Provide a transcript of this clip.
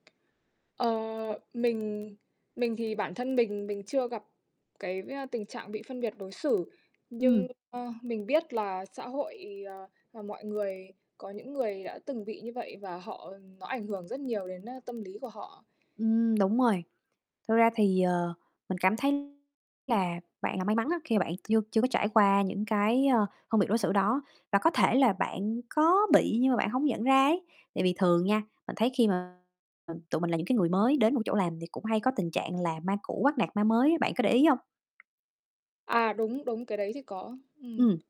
Ờ, mình mình thì bản thân mình mình chưa gặp, cái, v tình trạng bị phân biệt đối xử, Ừm. nhưng, ơ, mình biết là xã hội, ờ, à mọi người, có những người đã từng bị như vậy và họ nó ảnh hưởng rất nhiều đến, a, tâm lý của họ. Ừm, đúng rồi, thực ra thì, ờ, mình cảm thấy là bạn là may mắn á, khi mà bạn chưa chưa có trải qua những cái, ờ, phân biệt đối xử đó. Và có thể là bạn có bị nhưng mà bạn hông nhận ra ấy, tại vì thường nha, mình thấy khi mà tụi mình là những cái người mới đến một chỗ làm thì cũng hay có tình trạng là ma cũ bắt nạt ma mới á, bạn có để ý hông? À, đúng, đúng, cái đấy thì có, ừm. Ừm.